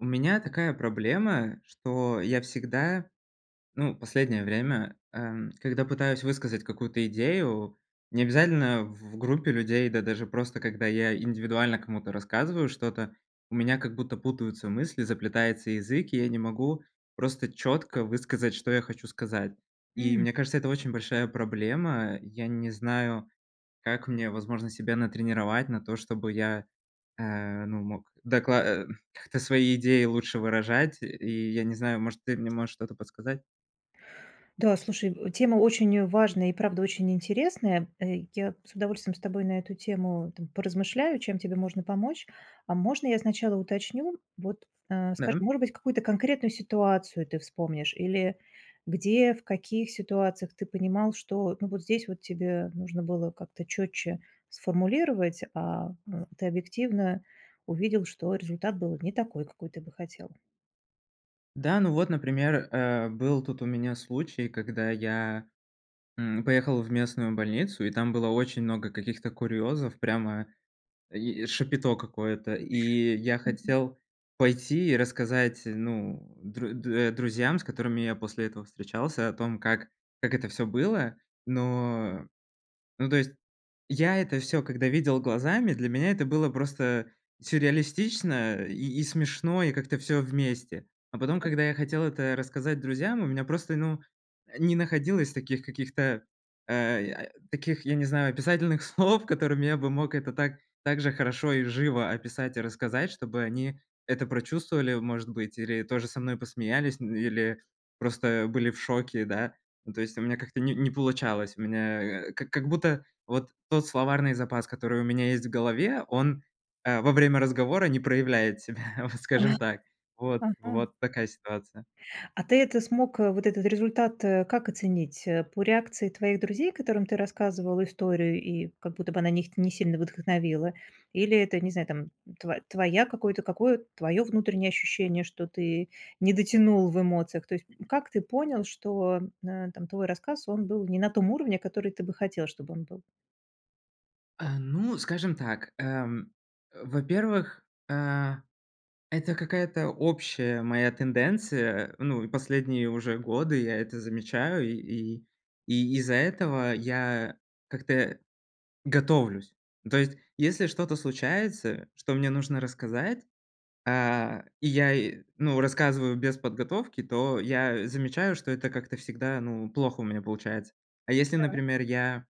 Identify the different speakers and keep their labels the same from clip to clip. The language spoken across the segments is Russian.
Speaker 1: У меня такая проблема, что я всегда, ну, последнее время, эм, когда пытаюсь высказать какую-то идею, не обязательно в в группе людей, да, даже просто когда я индивидуально кому-то рассказываю что-то, у меня, как будто, путаются мысли, заплетается язык, и я не могу просто чётко высказать, что я хочу сказать. И,
Speaker 2: М.
Speaker 1: мне кажется, это очень большая проблема. Я не знаю, как мне, возможно, себя натренировать на то, чтобы я, э, ну, мог докла э, как-то свои идеи лучше выражать. И я не знаю, может, ты мне можешь что-то подсказать?
Speaker 2: Да, слушай, э, тема очень важная и, правда, очень интересная. Э, я с удовольствием с тобой на эту тему, там, поразмышляю, чем тебе можно помочь. А можно я сначала уточню, вот, э, скажи,
Speaker 1: Да.
Speaker 2: может быть, какую-то конкретную ситуацию ты вспомнишь или где, в каких ситуациях ты понимал, что, ну, вот здесь, вот, тебе нужно было как-то чётче сформулировать, а, э, ты объективно увидел, что результат был не такой, какой ты бы хотел.
Speaker 1: Да, ну вот, например, э, был тут у меня случай, когда я, м, поехал в местную больницу, и там было очень много каких-то курьёзов, прямо и шапито какое-то. И я
Speaker 2: Мгм.
Speaker 1: хотел пойти и рассказать, ну, дру э, друзьям, с которыми я после этого встречался, о том, как как это всё было. Но но, то есть, я это всё, когда видел глазами, для меня это было просто сюрреалистично и и смешно, и как-то всё вместе. А потом,
Speaker 2: Так.
Speaker 1: когда я хотел это рассказать друзьям, у меня просто, ну, не находилось таких каких-то, э, я, э, таких, я не знаю, описательных слов, которыми я бы мог это так так же хорошо и живо описать и рассказать, чтобы они это прочувствовали, может быть, или тоже со мной посмеялись, или просто были в шоке, да. Ну, то есть, у меня как-то не не получалось. У меня, э, как как будто, вот, тот словарный запас, который у меня есть в голове, он, э, во время разговора не проявляет себя, вот, скажем так. Вот
Speaker 2: Ага.
Speaker 1: вот такая ситуация.
Speaker 2: А ты это смог, э, вот этот результат, э, как оценить, э? По реакции твоих друзей, которым ты рассказывал историю, и, как будто бы, она их не сильно вдохновила? Или это, не знаю, там, тво твоя какое-то, какое твое внутреннее ощущение, что ты не дотянул в эмоциях? То есть, м, как ты понял, что, э, там, твой рассказ, он был не на том уровне, который ты бы хотел, чтобы он был?
Speaker 1: Э, ну, скажем так, эм, э, во-первых, э, это какая-то общая моя тенденция. Ну, последние уже годы я это замечаю, и и и из-за этого я как-то готовлюсь. То есть, если что-то случается, что мне нужно рассказать, э, и я, и, ну, рассказываю без подготовки, то я замечаю, что это как-то всегда, ну, плохо у меня получается. А если,
Speaker 2: Да.
Speaker 1: например, я,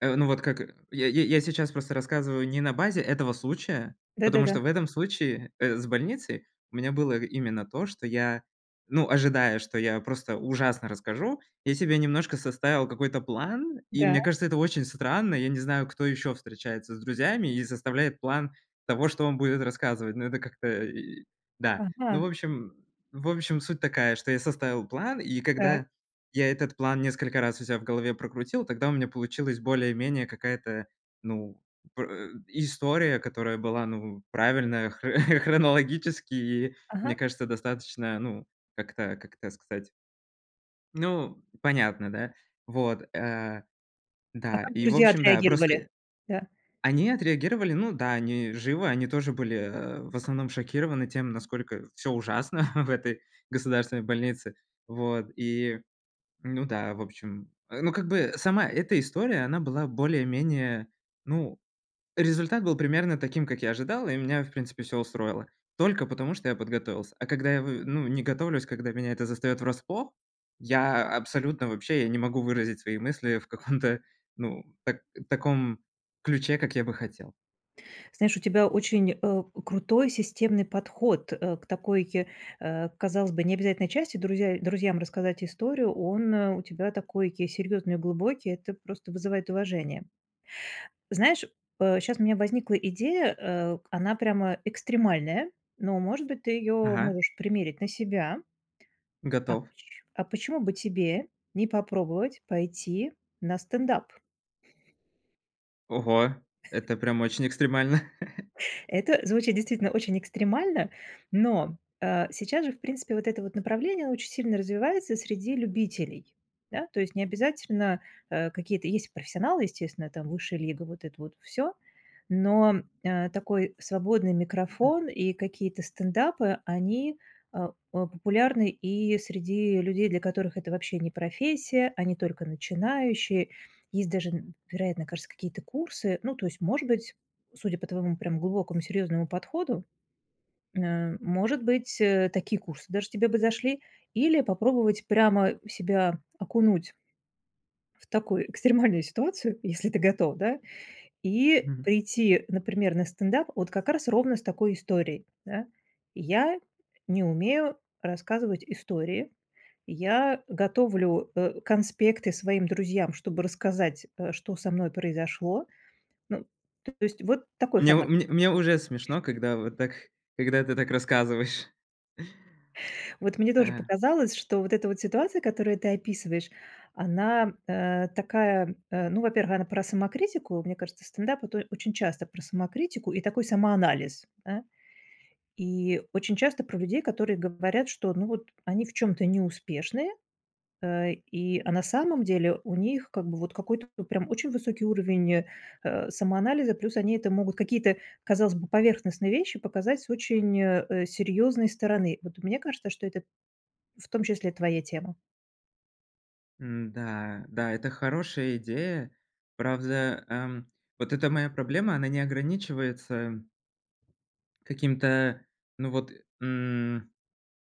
Speaker 1: э, ну вот как, я я я сейчас просто рассказываю не на базе этого случая, потому
Speaker 2: Да-да-да.
Speaker 1: что в этом случае, э, с больницей у меня было именно то, что я, ну, ожидая, что я просто ужасно расскажу, я себе немножко составил какой-то план. И
Speaker 2: Да.
Speaker 1: мне кажется, это очень странно. Я не знаю, кто ещё встречается с друзьями и составляет план того, что он будет рассказывать. Ну, это как-то и Да. Ну, в
Speaker 2: Ага.
Speaker 1: общем В общем, суть такая, что я составил план, и
Speaker 2: Так.
Speaker 1: когда я этот план несколько раз у себя в голове прокрутил, тогда у меня получилась более-менее какая-то, ну, пр э, история, которая была, ну, правильная хр хронологически мне
Speaker 2: Ага.
Speaker 1: кажется, достаточно, ну, как-то, как это сказать Ну, понятно, да? Вот. Э,
Speaker 2: А
Speaker 1: да.
Speaker 2: как
Speaker 1: И в
Speaker 2: друзья
Speaker 1: общем, да, простые
Speaker 2: отреагировали? Да.
Speaker 1: Они отреагировали, ну да, они живы, они тоже были, э, в основном шокированы тем, насколько всё ужасно в этой государственной больнице. Вот. И, ну да, в общем. Э, ну как бы, сама эта история, она была более-менее. Ну, результат был примерно таким, как я ожидал, и меня, в принципе, всё устроило, только потому что я подготовился. А когда я в ну, не готовлюсь, когда меня это застаёт врасплох, я абсолютно вообще, я не могу выразить свои мысли в каком-то ну, так таком ключе, как я бы хотел.
Speaker 2: Знаешь, у тебя очень, э, крутой системный подход, э, к такой, э, казалось бы, необязательной части: друзья друзьям рассказать историю. Он, э, у тебя такой серьёзный, глубокий. Это просто вызывает уважение. Знаешь, э, щас у меня возникла идея, э, она прямо экстремальная, но, может быть, ты её
Speaker 1: Ага.
Speaker 2: можешь примерить на себя. А поч
Speaker 1: Готов.
Speaker 2: а почему бы тебе не попробовать пойти на стендап?
Speaker 1: Ого, это прям очень экстремально.
Speaker 2: Это звучит действительно очень экстремально, но, э, сейчас же, в принципе, вот это вот направление очень сильно развивается среди любителей. Да? То есть не обязательно, э, какие-то Есть профессионалы, естественно, там "Высшая лига", вот это вот всё, но, а, такой свободный
Speaker 1: Мгм.
Speaker 2: микрофон и какие-то стендапы, они, э, о популярны и среди людей, для которых это вообще не профессия, они только начинающие. Есть даже, н вероятно, кажется, какие-то курсы. Ну, то есть, может быть, судя по твоему прям глубокому серьёзному подходу, н э, может быть, э, такие курсы даже тебе бы зашли, или попробовать прямо себя окунуть в такую экстремальную ситуацию, если ты готов, да, и
Speaker 1: Мгм.
Speaker 2: прийти, например, на стендап вот как раз ровно с такой историей, да. "Я не умею рассказывать истории. Я готовлю, э, конспекты своим друзьям, чтобы рассказать, э, что со мной произошло". Ну, то есть вот такой
Speaker 1: Мне у
Speaker 2: формат.
Speaker 1: мне мне уже смешно, когда вот так, когда ты так рассказываешь.
Speaker 2: Вот мне тоже
Speaker 1: А.
Speaker 2: показалось, что вот эта вот ситуация, которую ты описываешь, она, э, такая, э, ну, во-первых, она про самокритику. Мне кажется, стендап- это очень часто про самокритику и такой самоанализ, да. И очень часто про людей, которые говорят, что, ну вот, они в чём-то неуспешные, э, и, а на самом деле у них как бы вот какой-то прям очень высокий уровень, э, самоанализа. Плюс они это могут какие-то, казалось бы, поверхностные вещи показать с очень, э, серьёзной стороны. Вот мне кажется, что это в том числе твоя тема.
Speaker 1: М-да, да, это хорошая идея. Правда, эм, вот эта моя проблема, она не ограничивается м Каким-то, ну вот, м,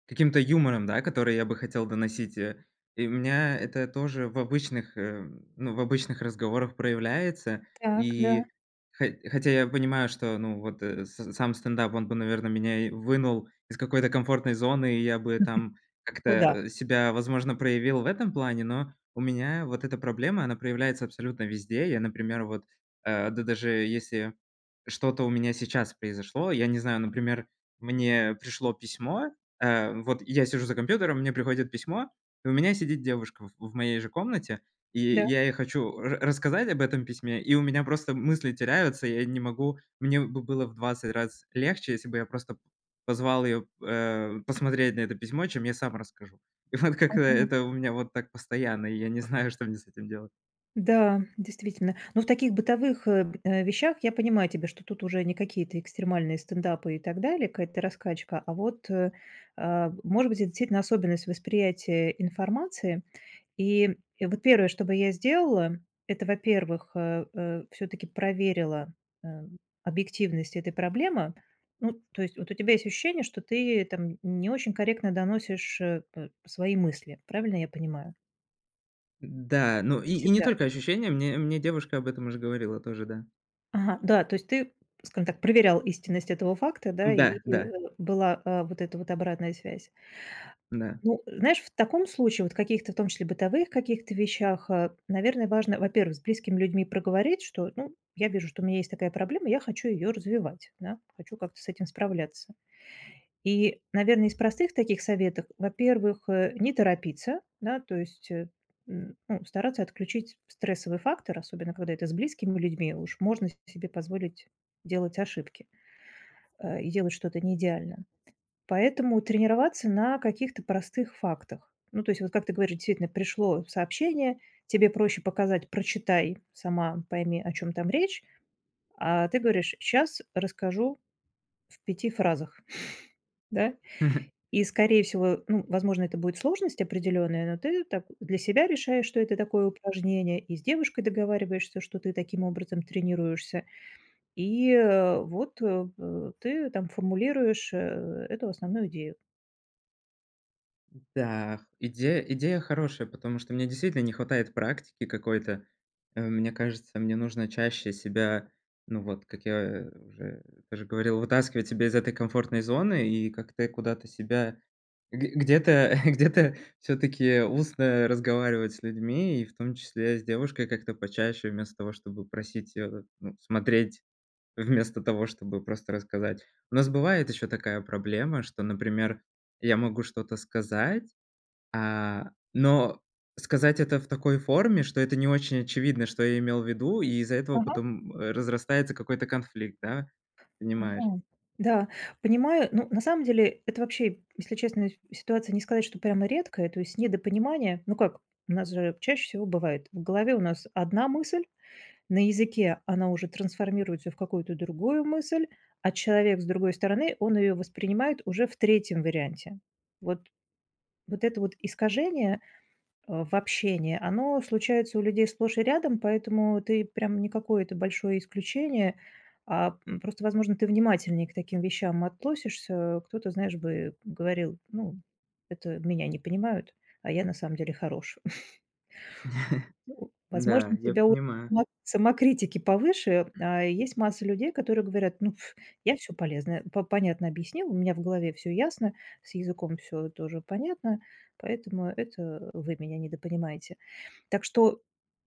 Speaker 1: каким-то юмором, да, который я бы хотел доносить, э. И у меня это тоже в обычных, э, ну в обычных разговорах проявляется.
Speaker 2: Так, да.
Speaker 1: И хо хотя я понимаю, что ну вот с сам стендап, он бы, наверное, меня и вынул из какой-то комфортной зоны, и я бы там
Speaker 2: Куда?
Speaker 1: как-то, а, себя, возможно, проявил в этом плане. Но у меня вот эта проблема, она проявляется абсолютно везде. Я, например, вот, э, д даже если что-то у меня сейчас произошло, я не знаю, например, мне пришло письмо, э, вот я сижу за компьютером, мне приходит письмо, и у меня сидит девушка в в моей же комнате, и
Speaker 2: Да.
Speaker 1: я ей хочу ра рассказать об этом письме и у меня просто мысли теряются. Я не могу, мне бы было в 20 раз легче, если бы я просто позвал её, э, посмотреть на это письмо, чем я сам расскажу. И вот как-то
Speaker 2: Мгм.
Speaker 1: это у меня вот так постоянно, и я не знаю, что мне с этим делать.
Speaker 2: Да, действительно, но в таких бытовых, э, б вещах, я понимаю тебя, что тут уже не какие-то экстремальные стендапы и так далее, какая-то раскачка, а вот, э, э, может быть это действительно особенность восприятия информации. И вот первое, что бы я сделала, это во-первых, э, э, всё-таки проверила, э, объективность этой проблемы. Ну, то есть вот у тебя есть ощущение, ты там не очень корректно доносишь, э, п свои мысли, правильно я понимаю?
Speaker 1: Да, ну и и не
Speaker 2: Всегда.
Speaker 1: только ощущение, мне, мне девушка об этом уже говорила тоже, да.
Speaker 2: Ага, да, то есть ты, скажем так, проверял истинность этого факта, да, и
Speaker 1: Да,
Speaker 2: и
Speaker 1: да.
Speaker 2: была, а, вот эта вот обратная связь.
Speaker 1: Да.
Speaker 2: Ну, знаешь, в таком случае, вот в каких-то, в том числе в бытовых каких-то вещах, а, наверное, важно, во-первых, с близкими людьми проговорить, что, ну, "я вижу, у меня есть такая проблема, я хочу её развивать, да, хочу как-то с этим справляться". И, наверное, из простых таких советов, во-первых, э, не торопиться, да, то есть, м, ну стараться отключить стрессовый фактор, особенно когда это с близкими людьми, уж можно с себе позволить делать ошибки. Э, и делать что-то не идеально. Поэтому тренироваться на каких-то простых фактах, ну то есть вот как ты говоришь, действительно пришло сообщение тебе проще показать: "Прочитай сама, пойми о чём там речь". А ты говоришь: "Щас расскажу в 5 фразах". Да? И скорее всего, ну возможно, это будет сложность определённая, но ты так для себя решаешь, что это такое упражнение и с девушкой договариваешься, что ты таким образом тренируешься, и, э, вот, э, э, ты там формулируешь э эту основную идею.
Speaker 1: Да, идея идея хорошая, потому что мне, действительно, не хватает практики какой-то. Э, мне кажется, мне нужно чаще себя, ну вот, как я уже уже говорил, вытаскивать себя из этой комфортной зоны и как-то куда-то себя г где-то где-то всё-таки устно разговаривать с людьми, и в том числе с девушкой, как-то почаще, вместо того, чтобы просить, э, ну, смотреть, вместо того, чтобы просто рассказать. У нас бывает ещё такая проблема, что, например, я могу что-то сказать, а, но сказать это в такой форме, что это не очень очевидно, что я имел в виду. И из-за этого
Speaker 2: Мгм.
Speaker 1: потом разрастается какой-то конфликт, да, понимаешь?
Speaker 2: Мгм, да, понимаю. Ну, на самом деле, это, вообще, если честно, ситуация не сказать, что прямо редкая, то есть, недопонимание. Ну как, у нас же чаще всего бывает: в голове у нас одна мысль, на языке она уже трансформируется в какую-то другую мысль, а человек с другой стороны, он её воспринимает уже в 3 варианте. Вот. Вот это вот искажение, э, в общении оно случается у людей сплошь и рядом, поэтому ты прям не какое-то большое исключение, а, м, просто, возможно, ты внимательнее к таким вещам относишься. Кто-то, знаешь, бы говорил: "Ну, это меня не понимают, а я на самом деле хорош".
Speaker 1: Да,
Speaker 2: Возможно, у
Speaker 1: я
Speaker 2: тебя у
Speaker 1: понимаю.
Speaker 2: само самокритики повыше. А есть масса людей, которые говорят: "Ну, ф, я всё полезное, п понятно объяснил, у меня в голове всё ясно, с языком всё тоже понятно, поэтому это вы меня недопонимаете". Так что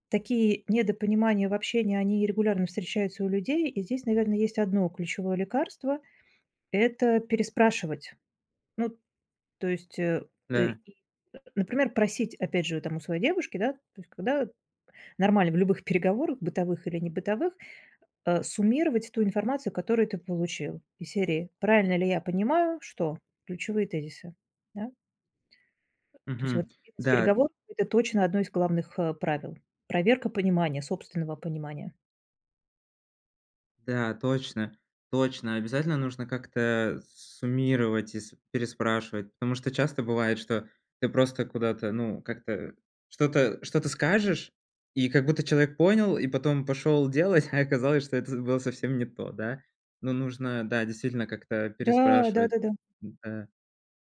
Speaker 2: такие недопонимания в общении, они регулярно встречаются у людей. И здесь, наверное, есть одно ключевое лекарство- это переспрашивать. Ну, то есть, э,
Speaker 1: Да.
Speaker 2: и, например, просить, опять же, от там у своей девушки, да, то есть, когда нормально в любых переговорах, бытовых или небытовых, э, суммировать ту информацию, которую ты получил. Из серии: "Правильно ли я понимаю, что"- ключевые тезисы, да. То есть, вот,
Speaker 1: Мгм, да.
Speaker 2: бизнес-переговорах это точно одно из главных, э, правил. Проверка понимания, собственного понимания.
Speaker 1: Да, точно, точно. Обязательно нужно как-то, э, суммировать и с переспрашивать, потому что часто бывает, что ты просто куда-то, ну, как-то что-то что-то скажешь, и как будто человек понял, и потом пошёл делать. А оказалось, что это з было совсем не то, да. Но нужно, да, действительно как-то
Speaker 2: Да.
Speaker 1: переспрашивать.
Speaker 2: Да-да-да.
Speaker 1: Да,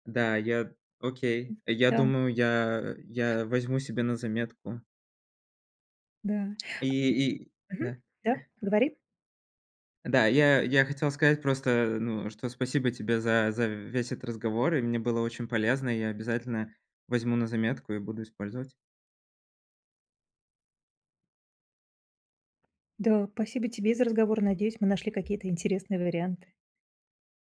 Speaker 1: да, я
Speaker 2: М,
Speaker 1: окей, я
Speaker 2: да.
Speaker 1: думаю, я я возьму себе на заметку.
Speaker 2: Да.
Speaker 1: И и,
Speaker 2: А, и Мгм,
Speaker 1: да.
Speaker 2: да, говори.
Speaker 1: Да, я я хотел сказать просто, ну, что спасибо тебе за за весь этот разговор. И мне было очень полезно. Я обязательно возьму на заметку и буду использовать.
Speaker 2: Да, спасибо тебе за разговор. Надеюсь, мы нашли какие-то интересные варианты.